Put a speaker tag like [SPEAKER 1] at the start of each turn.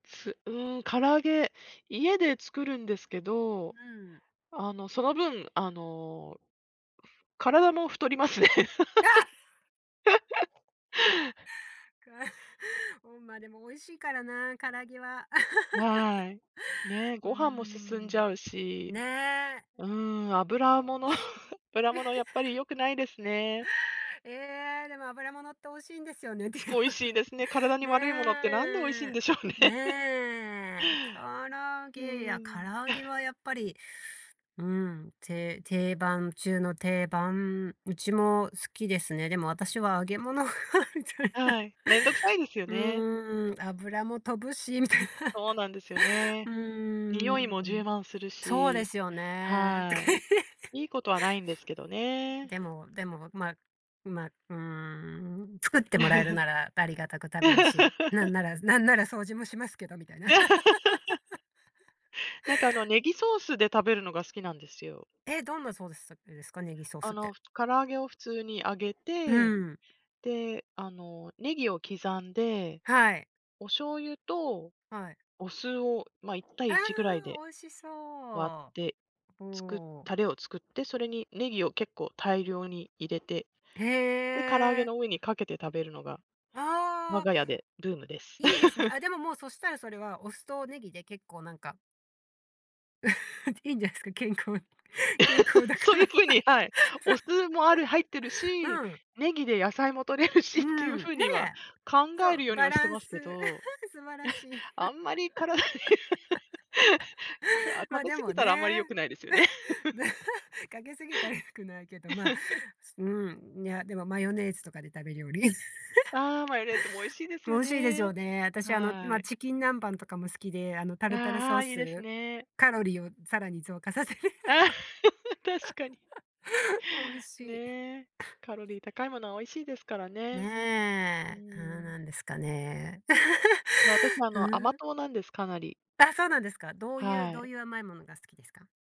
[SPEAKER 1] す、うーん、唐揚げ、家で作るんですけ
[SPEAKER 2] う
[SPEAKER 1] ど、
[SPEAKER 2] ん。
[SPEAKER 1] あの、その分、あの。体も太りますね。
[SPEAKER 2] あ かうん、ま、でも美味しいからな、唐揚げは。
[SPEAKER 1] わい。ね、
[SPEAKER 2] う
[SPEAKER 1] ご飯も進んじ
[SPEAKER 2] ん。
[SPEAKER 1] ゃうし。
[SPEAKER 2] ねえ。
[SPEAKER 1] うーん、
[SPEAKER 2] あ
[SPEAKER 1] 油
[SPEAKER 2] あ、
[SPEAKER 1] も
[SPEAKER 2] おい
[SPEAKER 1] の、
[SPEAKER 2] しい。
[SPEAKER 1] 油ものやっぱり 良くないですね。
[SPEAKER 2] ええ、でも油物って美味しいんですよねっていう。
[SPEAKER 1] 美味しい ですね。体に悪いものってなんで美味しいん
[SPEAKER 2] ね。
[SPEAKER 1] でしょうね。
[SPEAKER 2] ね。唐 揚
[SPEAKER 1] う
[SPEAKER 2] げや、唐
[SPEAKER 1] ーん。
[SPEAKER 2] 揚げ はやっぱり、うん、て定番中の定番、うちも好きですね。でも私は揚げ物はちょっと。
[SPEAKER 1] はい、面倒くさいですよね。
[SPEAKER 2] うん、油も飛ぶしみたい。
[SPEAKER 1] そうなんですよ
[SPEAKER 2] う
[SPEAKER 1] ね。
[SPEAKER 2] ー
[SPEAKER 1] 臭いも充
[SPEAKER 2] ん。
[SPEAKER 1] 満する
[SPEAKER 2] そうで
[SPEAKER 1] し。
[SPEAKER 2] すよね。と
[SPEAKER 1] は
[SPEAKER 2] かい
[SPEAKER 1] い。
[SPEAKER 2] って。
[SPEAKER 1] いいことはないんですけどね。
[SPEAKER 2] でもでも、まま、うーん作ってもらえるならありがた く食べるし、何な ら何なら掃除もしますけど、みたいな。
[SPEAKER 1] なんかあのネギソースで食べるのが好きなんですよ。
[SPEAKER 2] え、どんなソースさくですか、ネギソー
[SPEAKER 1] あ
[SPEAKER 2] スって。
[SPEAKER 1] の、唐揚げを普通に揚げ
[SPEAKER 2] う
[SPEAKER 1] て、
[SPEAKER 2] ん。
[SPEAKER 1] で、あの、ネギを刻んで、
[SPEAKER 2] はい。
[SPEAKER 1] お醤油と
[SPEAKER 2] はい。
[SPEAKER 1] お酢を、ま、いった
[SPEAKER 2] あ
[SPEAKER 1] いいちぐらい
[SPEAKER 2] あ、
[SPEAKER 1] で
[SPEAKER 2] 美味しそう、
[SPEAKER 1] 割って、
[SPEAKER 2] お
[SPEAKER 1] つく
[SPEAKER 2] お。
[SPEAKER 1] タレを作って、それにネギを結構大量に入れて、
[SPEAKER 2] へ
[SPEAKER 1] で、唐揚げ
[SPEAKER 2] え。
[SPEAKER 1] の上にかけて食べるのが、我
[SPEAKER 2] ああ。
[SPEAKER 1] が家でブームです。
[SPEAKER 2] いいですね。あ、でももうそしたらそれは、お酢とネギで結構なんか。いいんですか、健康。健康だ
[SPEAKER 1] そ
[SPEAKER 2] か
[SPEAKER 1] ういう
[SPEAKER 2] ら。
[SPEAKER 1] ふうに、はい。お酢もある入ってるし、
[SPEAKER 2] そう。うん。
[SPEAKER 1] ネギで野菜も取れるし
[SPEAKER 2] う
[SPEAKER 1] っていう
[SPEAKER 2] ん、ね
[SPEAKER 1] ふうには
[SPEAKER 2] え。
[SPEAKER 1] 考
[SPEAKER 2] そ
[SPEAKER 1] え
[SPEAKER 2] う、
[SPEAKER 1] るように
[SPEAKER 2] バ
[SPEAKER 1] はし
[SPEAKER 2] ラ
[SPEAKER 1] て
[SPEAKER 2] ン
[SPEAKER 1] ま
[SPEAKER 2] ス。
[SPEAKER 1] すけど。
[SPEAKER 2] 素晴らしい。
[SPEAKER 1] あんまり体に。か 食
[SPEAKER 2] ま、
[SPEAKER 1] べ
[SPEAKER 2] で
[SPEAKER 1] 過ぎ
[SPEAKER 2] も
[SPEAKER 1] たらあんまり良
[SPEAKER 2] ね。
[SPEAKER 1] くないですよね。
[SPEAKER 2] かけすぎたら良くないけど、ま、うん、いや、でもマヨネーズとかで食べるより、
[SPEAKER 1] ああ、マヨネーズも美味し いです
[SPEAKER 2] 美
[SPEAKER 1] よ
[SPEAKER 2] 味しいですよ
[SPEAKER 1] ね。
[SPEAKER 2] ね。私あの、
[SPEAKER 1] は
[SPEAKER 2] ま、
[SPEAKER 1] い。
[SPEAKER 2] チキン南蛮とかも好きで、あの、タルタル
[SPEAKER 1] あ
[SPEAKER 2] ソー
[SPEAKER 1] あ、いいです
[SPEAKER 2] ス、
[SPEAKER 1] ね。
[SPEAKER 2] カロリーをさらに増加させる。
[SPEAKER 1] ああ、確かに。
[SPEAKER 2] 美味しい。
[SPEAKER 1] ね、カロリー高いものは美味しいですからね、うー
[SPEAKER 2] ねえ、ああ、な
[SPEAKER 1] ん。
[SPEAKER 2] んですかね。
[SPEAKER 1] いや、私あ
[SPEAKER 2] う
[SPEAKER 1] の、甘
[SPEAKER 2] ん。
[SPEAKER 1] 党なんです、かなり。
[SPEAKER 2] あ、そうなんですか。どういう
[SPEAKER 1] は
[SPEAKER 2] どう
[SPEAKER 1] い。
[SPEAKER 2] いう甘いものが好きですか？